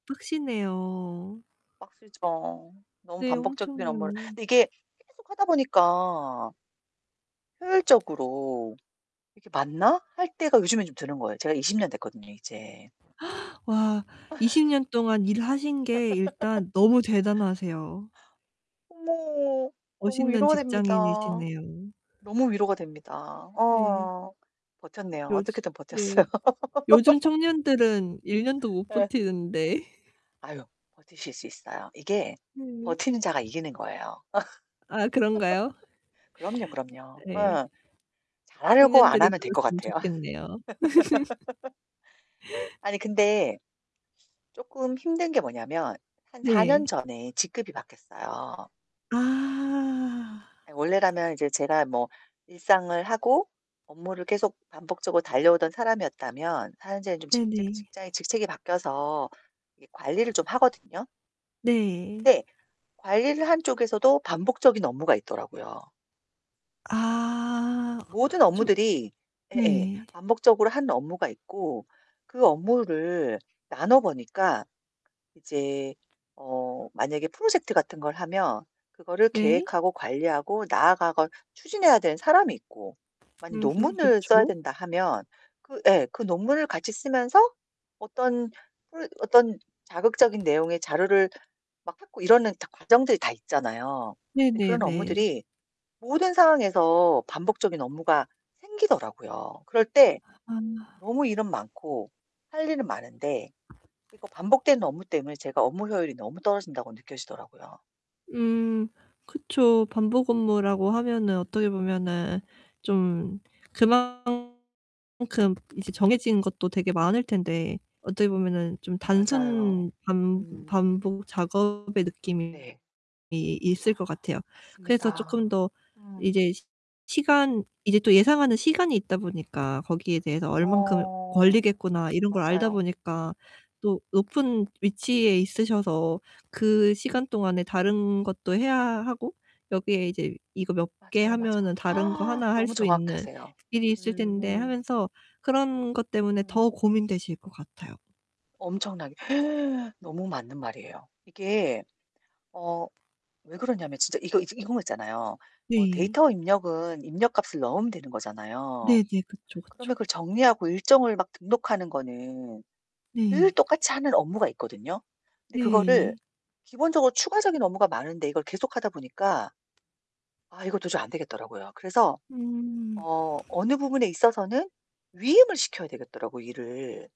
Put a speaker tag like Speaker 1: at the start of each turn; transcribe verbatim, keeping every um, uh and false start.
Speaker 1: 빡세네요.
Speaker 2: 빡세죠. 너무
Speaker 1: 네
Speaker 2: 반복적인
Speaker 1: 엄청요.
Speaker 2: 업무를. 근데 이게 계속 하다 보니까 효율적으로 '이렇게 맞나?' 할 때가 요즘엔 좀 드는 거예요. 제가 이십 년 됐거든요, 이제.
Speaker 1: 와 이십 년 동안 일하신 게 일단 너무 대단하세요.
Speaker 2: 어머 너무
Speaker 1: 멋있는
Speaker 2: 위로가 됩니다.
Speaker 1: 직장인이시네요.
Speaker 2: 너무 위로가 됩니다.
Speaker 1: 네.
Speaker 2: 어. 버텼네요.
Speaker 1: 요즘
Speaker 2: 어떻게든
Speaker 1: 네.
Speaker 2: 버텼어요.
Speaker 1: 요즘 청년들은 일 년도 못
Speaker 2: 예.
Speaker 1: 버티는데.
Speaker 2: 아유. 버티실 수 있어요. 이게
Speaker 1: 네.
Speaker 2: 버티는 자가 이기는 거예요.
Speaker 1: 아 그런가요?
Speaker 2: 그럼요, 그럼요.
Speaker 1: 네.
Speaker 2: 어. 잘 하려고 안
Speaker 1: 청년들이
Speaker 2: 하면 될 것
Speaker 1: 들었으면
Speaker 2: 같아요.
Speaker 1: 좋겠네요.
Speaker 2: 아니 근데 쪼끔 힘든 게 뭐냐면 한 사
Speaker 1: 네.
Speaker 2: 년 전에 직급이 바뀌었어요.
Speaker 1: 아.
Speaker 2: 아 원래라면 이제 제가 뭐 일상을 하고 업무를 계속 반복적으로 달려오던 사람이었다면 현재는 좀 직 직
Speaker 1: 네네.
Speaker 2: 직장이 직책이 바뀌어서 이게 관리를 좀 하거든요?
Speaker 1: 네.
Speaker 2: 근데 관리를 하는 쪽에서도 반복적인 업무가 있더라고요.
Speaker 1: 아.
Speaker 2: 모든
Speaker 1: 좀
Speaker 2: 업무들이 예예
Speaker 1: 네.
Speaker 2: 반복적으로 하는 업무가 있고, 그 업무를 나눠 보니까 이제 어 만약에 프로젝트 같은 걸 하면 그거를
Speaker 1: 네.
Speaker 2: 계획하고 관리하고 나아가고 추진해야 되는 사람이 있고 만약에
Speaker 1: 음흠
Speaker 2: 논문을 써야
Speaker 1: 그쵸.
Speaker 2: 된다 하면 그 예 그 논문을 같이 쓰면서 어떤 프로 어떤 자극적인 내용의 자료를 막 찾고 이러는 다 과정들이 다 있잖아요.
Speaker 1: 네
Speaker 2: 근데
Speaker 1: 네
Speaker 2: 그런
Speaker 1: 네.
Speaker 2: 업무들이 모든 상황에서 반복적인 업무가 생기더라고요. 그럴 때
Speaker 1: 아.
Speaker 2: 너무 일은 많고 할 일은 많은데 이거 반복되는 업무 때문에 제가 업무 효율이 너무 떨어진다고 느껴지더라고요.
Speaker 1: 음. 그쵸. 반복 업무라고 하면은 어떻게 보면은 좀 그만큼 이제 정해진 것도 되게 많을 텐데 어떻게 보면은 좀
Speaker 2: 맞아요.
Speaker 1: 단순 반
Speaker 2: 음.
Speaker 1: 반복 작업의 느낌이
Speaker 2: 네.
Speaker 1: 있을 것 같아요. 그래서 쪼끔
Speaker 2: 맞습니다.
Speaker 1: 더
Speaker 2: 음.
Speaker 1: 이제 시 시간 이제 또 예상하는 시간이 있다 보니까 거기에 대해서 '얼만큼
Speaker 2: 어.
Speaker 1: 걸리겠구나.' 이런 걸 알다
Speaker 2: 맞아요.
Speaker 1: 보니까 또 높은 위치에 있으셔서 그 시간 동안에 다른 것도 해야 하고 여기에 이제 '이거 몇 개
Speaker 2: 맞아요, 맞아요.
Speaker 1: 하면은 다른 거 하나 할
Speaker 2: 너무
Speaker 1: 수 있는
Speaker 2: 정확하세요.
Speaker 1: 일이 있을
Speaker 2: 음
Speaker 1: 텐데.'
Speaker 2: 음.
Speaker 1: 하면서 그런 것 때문에
Speaker 2: 음.
Speaker 1: 더 고민되실 것 같아요.
Speaker 2: 엄청나게 너무 맞는 말이에요. 이게 어 왜 그러냐면 진짜 이거 이 저 이런 거 있잖아요. 뭐
Speaker 1: 네.
Speaker 2: 데이터 입력은 입력값을 넣으면 되는 거잖아요.
Speaker 1: 네네. 그쵸,
Speaker 2: 그러면
Speaker 1: 그쵸.
Speaker 2: 그걸 정리하고 일정을 막 등록하는 거는 늘
Speaker 1: 네.
Speaker 2: 똑같이 하는 업무가 있거든요? 근데 그거를
Speaker 1: 네.
Speaker 2: 기본적으로 추가적인 업무가 많은데 이걸 계속하다 보니까 아 이거 도저히 안 되겠더라고요. 그래서
Speaker 1: 음.
Speaker 2: 어 어느 부분에 있어서는 위임을 시켜야 되겠더라고요, 일을.